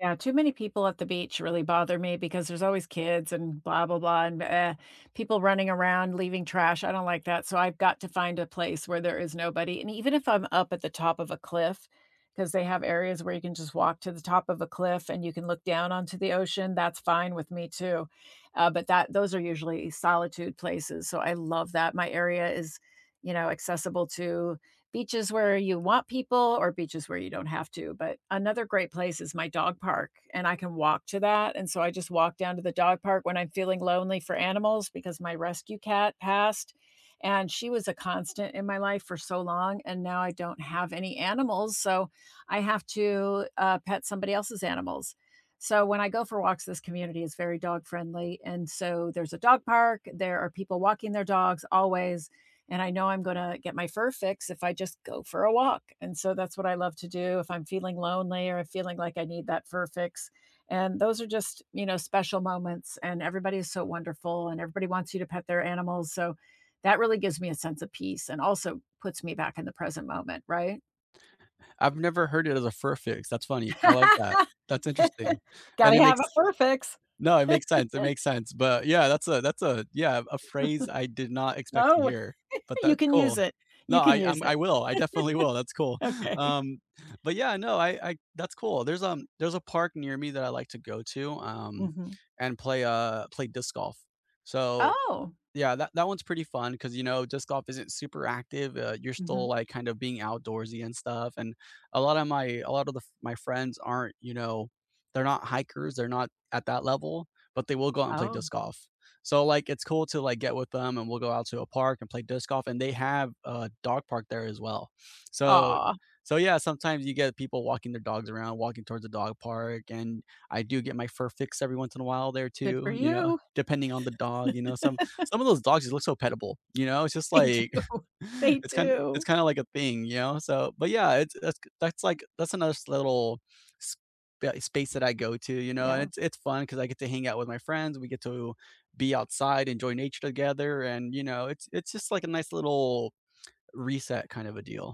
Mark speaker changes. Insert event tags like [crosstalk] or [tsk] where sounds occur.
Speaker 1: Yeah, too many people at the beach really bother me because there's always kids and blah blah blah and m eh, people running around, leaving trash, I don't like that, so I've got to find a place where there is nobody. And even if I'm up at the top of a cliff 'cause they have areas where you can just walk to the top of a cliff and you can look down onto the ocean, that's fine with me too. Uh, but that those are usually solitude places, so I love that. My area is, you know, accessible to beaches where you want people or beaches where you don't have to. But another great place is my dog park, and I can walk to that, and so I just walk down to the dog park when I'm feeling lonely for animals because my rescue cat passed, and she was a constant in my life for so long, and now I don't have any animals, so I have to, uh, pet somebody else's animals. So, when I go for walks, this community is very dog friendly, and so there's a dog park, there are people walking their dogs always, and I know I'm gonna get my fur fix if I just go for a walk. And so that's what I love to do if I'm feeling lonely or feeling like I need that fur fix, and those are just, you know, special moments, and everybody is so wonderful, and everybody wants you to pet their animals. So, that really gives me a sense of peace and also puts me back in the present moment, right?
Speaker 2: I've never heard it as a fur fix, that's funny, I like that,
Speaker 1: [laughs]
Speaker 2: that's interesting. And it
Speaker 1: Gotta have
Speaker 2: makes
Speaker 1: a fur fix.
Speaker 2: No it makes sense, it
Speaker 1: [laughs]
Speaker 2: makes sense, but, yeah, that's a that's a Yeah, a phrase I did
Speaker 1: [chuckles]
Speaker 2: not expect to
Speaker 1: Oh?
Speaker 2: hear, but
Speaker 1: [laughs] You
Speaker 2: that's
Speaker 1: can use
Speaker 2: cool.
Speaker 1: it. You
Speaker 2: Nah,
Speaker 1: can
Speaker 2: I
Speaker 1: use
Speaker 2: I'm I
Speaker 1: it.
Speaker 2: will, I definitely will, that's cool.
Speaker 1: [laughs] Okay.
Speaker 2: Um, but, yeah, no, I I that's cool. There's, um there's a park near me that I like to go to, um,
Speaker 1: Mhm.
Speaker 2: and play, uh play disc golf. So
Speaker 1: Oh!
Speaker 2: Yeah, that that one's pretty fun 'cause, you know, disc golf isn't super active, uh, you're still,
Speaker 1: Mhm.
Speaker 2: like, kind of being outdoorsy and stuff, and a lot of my a lot of the f my friends aren't, you know, they're not hikers, they're not at that level, but they will go out and play
Speaker 1: Oh.
Speaker 2: disc golf. So, like, it's cool to, like, get with them and we'll go out to a park and play disc golf, and they have a dog park there as well. [sniffs] So
Speaker 1: Aw.
Speaker 2: so yeah, sometimes you get people walking their dogs around, walking towards the dog park and I do get my fur fix every once in a while, there
Speaker 1: Good
Speaker 2: too,
Speaker 1: for
Speaker 2: you know,
Speaker 1: you.
Speaker 2: depending on the dog, you know, some
Speaker 1: [laughs]
Speaker 2: some of those dogs you look so pet-able, you know, it's just,
Speaker 1: They
Speaker 2: like
Speaker 1: do.
Speaker 2: [chuckles]
Speaker 1: They
Speaker 2: it's kinda it's
Speaker 1: do.
Speaker 2: kinda, like, a thing, you know, so. But yeah, it's it's k that's, like that's another s little s b eh, s space that I go to, you know, and
Speaker 1: Yeah.
Speaker 2: it it's fun 'cause I get to hang out with my friends, we get to be outside, enjoy nature together, and, you know, it it's just, like, a nice [tsk] little reset kind of a deal.